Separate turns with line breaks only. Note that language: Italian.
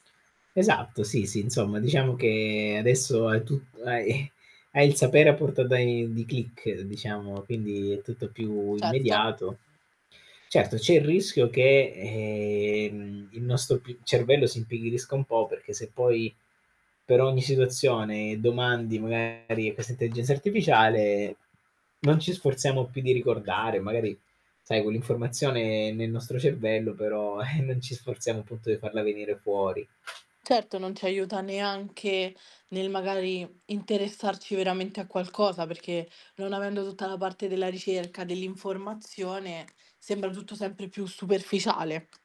Esatto, sì, sì, insomma diciamo che adesso hai tut hai hai il sapere a portata i di click diciamo, quindi è tutto più
Certo.
immediato. Certo c'è il rischio che, ehm, il nostro p cervello si impigrisca un po', perché se poi per ogni situazione domandi magari a questa intelligenza artificiale, non ci sforziamo più di ricordare, magari sai quell'informazione nel nostro cervello, però, e non ci sforziamo punto di farla venire fuori.
Certo, non c'aiuta neanche nel magari interessarci veramente a qualcosa, perché non avendo tutta la parte della ricerca dell'informazione, sembra tutto sempre più superficiale.